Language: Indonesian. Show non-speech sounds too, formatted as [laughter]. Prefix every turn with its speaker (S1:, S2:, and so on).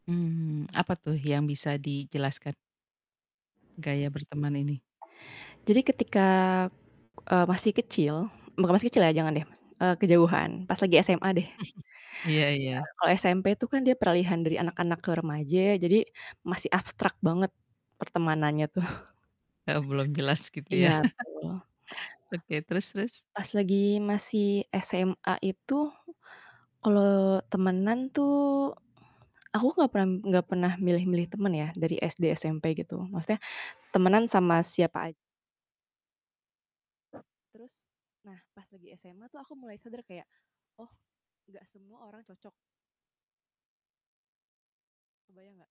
S1: Mmm, apa tuh yang bisa dijelaskan gaya berteman ini?
S2: Jadi ketika, eee, masih kecil bukan masih kecil ya, jangan
S1: Mhm.
S2: deh, eee, kejauhan, pas lagi SMA deh. Nah,
S1: [chuckles] Iya iya.
S2: kalau SMP itu kan, dia peralihan dari anak-anak ke remaja ya, jadi masih abstrak banget pertemanannya tuh.
S1: Eee, belum jelas gitu ya?
S2: Iya,
S1: [chuckles]
S2: betul.
S1: Oke, terus terus?
S2: Pas lagi masih SMA itu, kalau temenan tuh, aku nggak pernah nggak pernah milih-milih temen ya, dari SD, SMP, gitu. Maksudnya, temenan sama siapa aj Terus, nah pas lagi SMA tuh, aku mulai sadar kayak, "Oh, nggak semua orang cocok." Kebayang nggak?